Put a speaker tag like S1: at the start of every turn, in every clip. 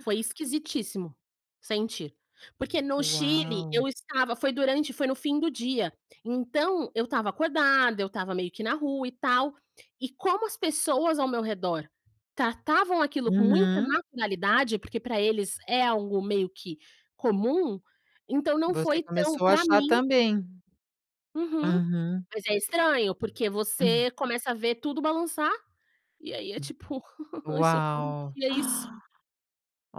S1: Foi esquisitíssimo, sentir, porque no Chile
S2: Uau.
S1: eu estava foi durante, foi no fim do dia, então, eu estava acordada, eu estava meio que na rua e tal, e como as pessoas ao meu redor tratavam aquilo com muita
S2: Uhum.
S1: naturalidade, porque pra eles é algo meio que comum, então não
S2: Você
S1: foi tão
S2: começou a
S1: pra
S2: achar
S1: mim
S2: também.
S1: Uhum,
S2: Uhum.
S1: mas é estranho porque
S2: Hum.
S1: você começa a ver tudo balançar, e aí é
S2: Hum,
S1: tipo: "Aí socorro,
S2: uau.
S1: que é isso?".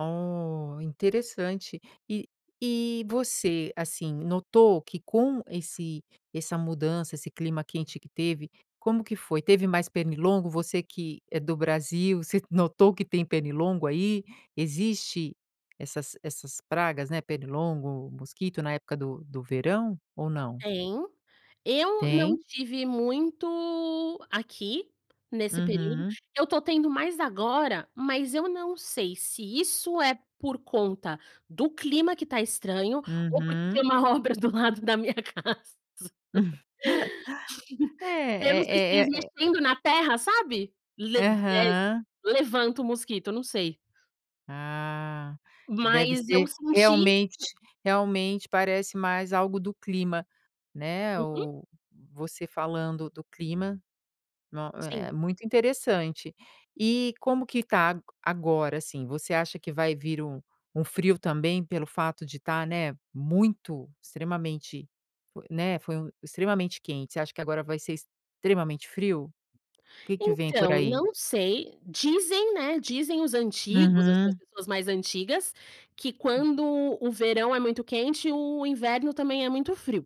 S2: Oh, interessante, e e você, assim, notou que com esse essa mudança esse clima quente que teve, como que foi? Teve mais pernilongo, você que é do Brasil, você notou que tem pernilongo aí? Existe essas essas pragas, né, pernilongo, mosquito na época do do verão ou não?
S1: Tem, eu não
S2: Tem?
S1: tive muito aqui nesse período,
S2: Uhum.
S1: eu tô tendo mais agora, mas eu não sei se isso é por conta do clima que tá estranho ou porque tem
S2: Uhum.
S1: uma obra do lado da minha casa, aí eu não sei se é
S2: É
S1: eles
S2: é é é
S1: mexendo na terra, sabe,
S2: Aham.
S1: levanta o mosquito, não sei.
S2: Ah, deve
S1: Mas, eu
S2: ser
S1: senti
S2: realmente realmente parece mais algo do clima, né,
S1: Uhum.
S2: o você falando do clima, no
S1: Sim.
S2: é é muito interessante, e como que tá a agora assim? Você acha que vai vir um, um frio também pelo fato de tá, né, muito, extremamente, fo né, foi um extremamente quente, você acha que agora vai ser extremamente frio? Que que vem por
S1: Então,
S2: aí?
S1: não sei, dizem, né, dizem os antigos, as
S2: Uhum.
S1: pessoas mais antigas, que
S2: Hum.
S1: quando o verão é muito quente o inverno também é muito frio.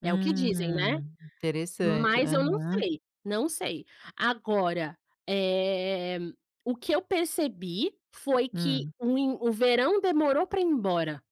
S1: É o que dizem, né,
S2: Hum, interessante,
S1: mas eu não
S2: aham.
S1: sei, não sei, agora, eh, o que eu percebi foi que
S2: Hum.
S1: o in o verão demorou pra ir embora.